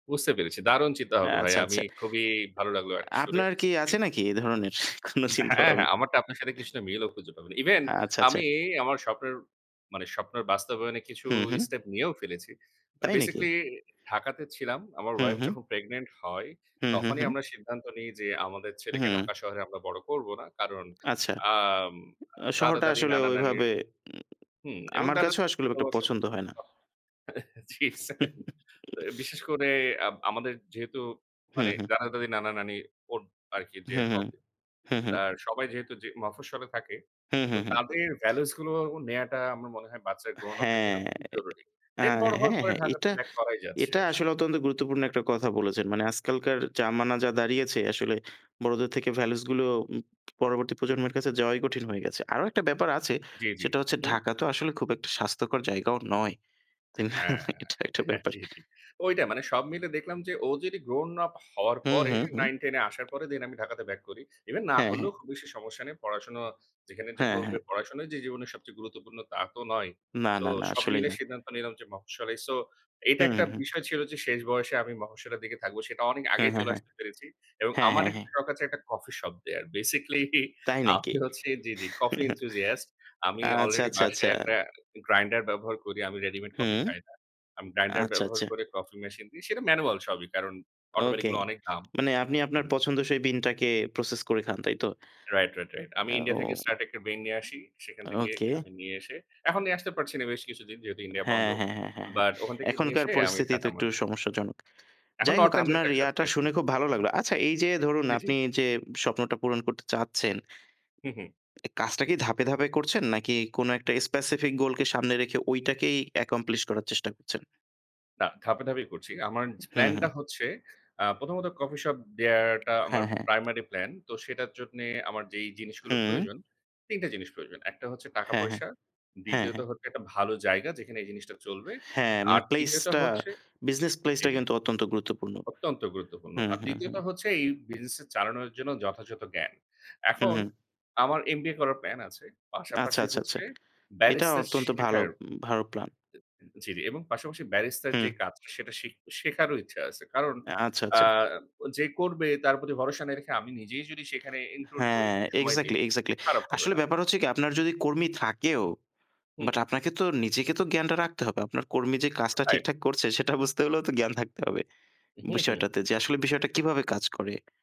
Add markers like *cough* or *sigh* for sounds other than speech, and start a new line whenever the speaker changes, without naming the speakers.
বুঝতে পেরেছি। দারুণ চিন্তা ভাবনা ভাই।
আচ্ছা,
আমি
আচ্ছা।
খুবই ভালো লাগলো আরকি শুনে।
আপনার কি
জি।
আছে নাকি এ ধরনের কোন
হ্যাঁ, হ্যাঁ।
চিন্তাভাবনা।
আমার তো আপনার সাথে কিছুটা মিল ও খুঁজে পাবেন। ইভেন
আচ্ছা, আচ্ছা।
আমি আমার স্বপ্নের মানে স্বপ্নের বাস্তবায়নে কিছু
হুম, হুম।
স্টেপ নিয়েও ফেলেছি। মানে
তাই নাকি?
বেসিক্যালি ঢাকাতে ছিলাম। আমার
হুম,
ওয়াইফ
হুম।
যখন প্রেগন্যান্ট হয়
হুম, হুম,
তখনই
হুম।
আমরা সিদ্ধান্ত নেই যে "আমাদের ছেলেকে
হুম।
ঢাকা শহরে আমরা বড় করব না।" কারণ
আচ্ছা।
আম
শহরটা
দাদা-দাদি,
আসলে
নানা-নানির
ওইভাবে উম
হুম এবং
আমার
দাদা
কাছেও আসলে একটা
*unintelligible*
পছন্দ হয় না।
জি সেইম। বিশেষ
*chuckles*
করে আব আমাদের যেহেতু
হুম,
মানে
হুম।
দাদা-দাদি, নানা-নানি ওর আরকি যে
হুম, হুম।
হবে,
হুম, হুম।
আর সবাই যেহেতু মফস্বলে থাকে
হুম,
তো
হুম, হুম।
তাদের ভ্যালুস গুলো নেয়াটা আমার মনে হয় বাচ্চার grown-up এর জন্য
হ্যাঁ।
খুবই জরুরি।
আ
দেন বড়
হ্যা,
হওয়ার পরে
হ্যাঁ।
ঢাকাতে
এটা
বাক করাই যাচ্ছে
এটা
আসলে।
আসলে অত্যন্ত গুরুত্বপূর্ণ একটা কথা বলেছেন। মানে আজকালকার জামানা যা দাঁড়িয়েছে আসলে বড়দের থেকে ভ্যালুস গুলো পরবর্তী প্রজন্মের কাছে যাওয়াই কঠিন হয়ে গেছে। আরও একটা ব্যাপার আছে
জ্বী, জ্বী।
সেটা হচ্ছে
হুম।
ঢাকা তো আসলে খুব একটা স্বাস্থ্যকর জায়গাও নয়। তাই না?
হ্যা।
এটা একটা ব্যাপার।
জি, জি ঐটা মানে সব মিলে দেখলাম যে ও যদি গ্রাউন আপ হওয়ার
হুম,
পরে
হুম, হুম।
9-10-এ আসার পরে দেন আমি ঢাকাতে ব্যাক করি। ইভেন না
হ্যাঁ, হ্যাঁ।
করলেও খুব বেশি সমস্যা নেই। পড়াশোনা যেখানে যে
হ্যা,
করবে
হ্যাঁ।
পড়াশোনা যে জীবনের সবচেয়ে গুরুত্বপূর্ণ তা তো নয়।
না,
তো
না, না।
সব
আসলেই
মিলে
না।
সিদ্ধান্ত নিলাম যে মফঃস্বলেই। সো এটা
হুম,
একটা
হুম, হুম।
বিষয় ছিল যে শেষ। বয়সে আমি মফস্বলের দিকে থাকবো সেটা অনেক
হ্যা,
আগেই
হ্যাঁ,
চলে
হ্যাঁ।
আসতে পেরেছি। এবং
হ্যা,
আমার
হ্যাঁ, হ্যাঁ।
একটা শখ আছে একটা কফি শপ দেয়ার। বেসিক্যালি
তাই নাকি?
আমি হচ্ছি জি, জি কফি enthusiast.
*chuckles*
আমি
আচ্ছা,
আলরেডি
আচ্ছ, আচ্ছা।
বাসায় একটা গ্রাইন্ডার ব্যবহার করি। আমি রেডিমেড কফি
হুম।
খাই না। আমি গ্রাইন্ডার
আচ্ছা,
ব্যবহার
আচ্ছা।
করে কফি মেশিনে দিই। সেটা ম্যানুয়াল সবই কারণ অটোমেটিক
ওকে
গুলো অনেক দাম।
মানে আপনি আপনার পছন্দ সেই বিনটাকে প্রসেস করে খান, তাইতো?
Right, right, right. আমি ইন্ডিয়া
ও,
থেকে স্টার ট্রেক ব্রেন নিয়ে আসি। সেখান থেকে
ওকে।
আমি নিয়ে এসে এখন নিয়ে আসতে পারছি না বেশ কিছু দিন যেহেতু ইন্ডিয়া বন্ধ।
হ্যাঁ, হ্যাঁ, হ্যাঁ, হ্যাঁ, হ্যাঁ।
বাট ওখান থেকে নিয়ে
এখনকার
এসে আমি
পরিস্থিতি তো
খাতাম
একটু
আরকি।
সমস্যাজনক।
এখন
যাইহোক
নর্থএন্ডের
আপনার
টা খাচ্ছি।
ইয়াটা
আরকি।
শুনে খুব ভালো লাগলো। আচ্ছা এই যে ধরুন
জি, জি।
আপনি যে স্বপ্নটা পূরণ করতে চাচ্ছেন
হুম, হুম।
কাজটা কি ধাপে ধাপে করছেন নাকি কোন একটা স্পেসিফিক গোল কে সামনে রেখে ঐটাকেই accomplish করার চেষ্টা করছেন?
না ধাপে, ধাপে করছি। আমার
হুম,
প্লান টা
হুম।
হচ্ছে আ প্রথমত কফি শপ দেওয়াটা আমার
হ্যাঁ, হ্যাঁ।
প্রাইমারি প্ল্যান তো সেটার জন্যে আমার যেই জিনিসগুলো
হুম।
প্রয়োজন তিনটা জিনিস প্রয়োজন। একটা হচ্ছে টাকা
হ্যাঁ, হ্যাঁ।
পয়সা,
হ্যা,
দ্বিতীয়ত
হ্যাঁ।
হচ্ছে একটা ভালো জায়গা যেখানে এই জিনিসটা চলবে।
হ্যাঁ, মানে
আর তৃতীয়টা
প্লেসটা
হচ্ছে
বিজনেস
জি,
প্লেসটা
জি।
কিন্তু অত্যন্ত গুরুত্বপূর্ণ।
অত্যন্ত গুরুত্বপূর্ণ।
হুম,
আর
হুম,
তৃতীয়ত
হুম।
হচ্ছে এই বিজনেস চালানোর জন্য যথাযথ জ্ঞান।
হুম,
এখন
হুম।
আমার MBA করার প্লান আছে।
আচ্ছা,
পাশাপাশি
আচ্ছা, আচ্ছা।
হচ্ছে
এটা
ব্যারিস্টার
অত্যন্ত ভালো
শেখার
ভালো প্লান।
জি, জি এবং পাশাপাশি ব্যারিস্টার
হুম।
যে কাজ সেটা শিখ শেখারও ইচ্ছা আছে। কারণ
আচ্ছা,
আ
আচ্ছা।
যে করবে তার প্রতি ভরসা না রেখে আমি নিজেই যদি সেখানে ইনক্লুড হয়,
হ্যাঁ
সময় দেই
এক্সাক্টলি, এক্সাক্টলি।
খারাপ হবে
আসলে
না।
ব্যাপার হচ্ছে কি আপনার যদি কর্মী থাকেও বাট
হুম।
আপনাকে তো নিজেকে তো জ্ঞানটা রাখতে হবে। আপনার কর্মী যে কাজটা
রাইট।
ঠিকঠাক করছে সেটা বুঝতে হলেও তো জ্ঞান থাকতে হবে।
হুম, হুম।
বিষয়টাতে যে আসলে বিষয়টা কীভাবে কাজ করে।